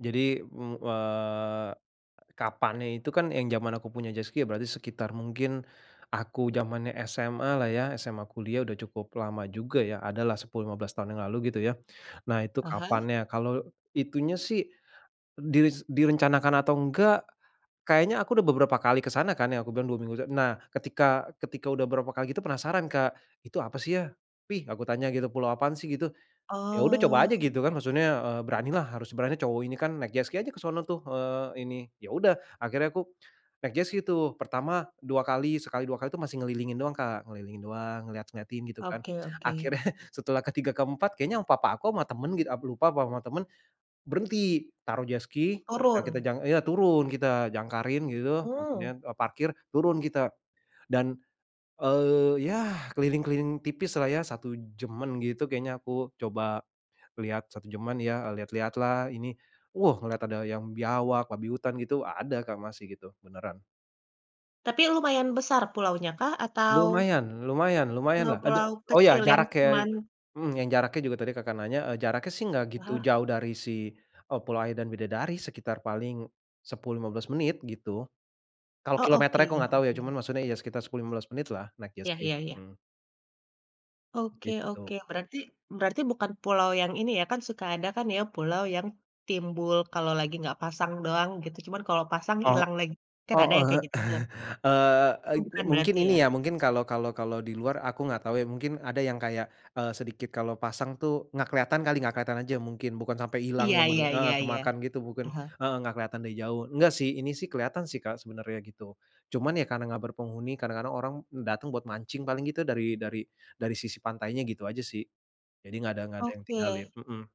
Jadi me wa kapannya itu kan yang zaman aku punya jet ski ya berarti sekitar mungkin aku zamannya SMA-lah ya, SMA, kuliah sudah cukup lama juga ya, adalah 10, 15 tahun yang lalu gitu ya. Nah itu Aha. kapannya, kalau itunya sih dis direncanakan atau enggak, kayaknya aku sudah beberapa kali ke sana kan ya, aku bilang dua minggu se nah, ketika ketika sudah beberapa kali itu penasaran Kak, "Itu apa sih yah, Pih?" aku tanya gitu. "Pulau apaan sih?" gitu, ya sudah coba saja Oh. gitu kan maksudnya, eee, beranilah, harus berani cowok ini kan, naik jet ski aja ke sono tuh, eee, ini. Ya udah akhirnya aku naik jet ski tuh. Pertama, 2 kali sekali, 2 kali itu masih ngelilingin doang Kak, ngelilingin doang, ngelihat-ngelihatin gitu kan, Oke oke. akhirnya setelah ke-3, ke-4 kayaknya papa aku, sama temen gitu aku lupa, apa sama temen, berhenti taruh jet ski, ya kita Turun. jang iya turun, kita jangkarin gitu, Oh. maksudnya, eee, parkir, turun kita, dan, eee, ya keliling-keliling tipislah ya, 1 jam-an gitu kayaknya aku coba lihat 1 jam-an ya, eee, lihat-lihat lah ini. Wuh ngelihat ada yang biawak, babi hutan, gitu ada Kak, masih gitu, beneran. Tapi lumayan besar pulaunyakah? Atau Lumayan lumayan lumayanlah ada Pulau-pulau oh ya kecil yang jaraknya ke cuman mhm, yang jaraknya juga tadi Kakak nanya, eee, jaraknya nggak begitu Aha. jauh dari si, eee, Kepulauan Bidadari, sekitar paling 10, 15 menit gitu. Kalau Oh oke kilometernya aku tidak tahu ya, oke. cuman maksudnya ya sekitar 10, 15 menit lah naik jet Iya ski. iya iya Mmm. Oke oke, Begitu. berarti berarti bukan pulau yang ini ya, kan suka ada kan ya pulau yang timbul kalau lagi nggak pasang doang gitu, cuman kalau pasang Oh. ilang lagi, kan ada Oh, yang heeh. kayak gitu tuh. Eee eee, Itu bukan mungkin berarti ini ya? ya, mungkin kalau kalau kalau di luar aku gak tahu ya, mungkin ada yang kayak, eee, sedikit kalau pasang tuh gak kelihatan kali, gak kelihatan aja mungkin, bukan sampai hilang Iya yang iya bener-bener heeh, iya iya. kemakan gitu bukan Aha. heeh gak kelihatan dari jauh, enggak sih, ini sih kelihatan sih Kak sebenarnya, gitu. Cuman ya karena enggak berpenghuni, kadang-kadang orang datang buat mancing paling gitu dari dari dari sisi pantainya gitu aja sih. Jadi enggak ada enggak ada yang tinggalin, Oke. mhm.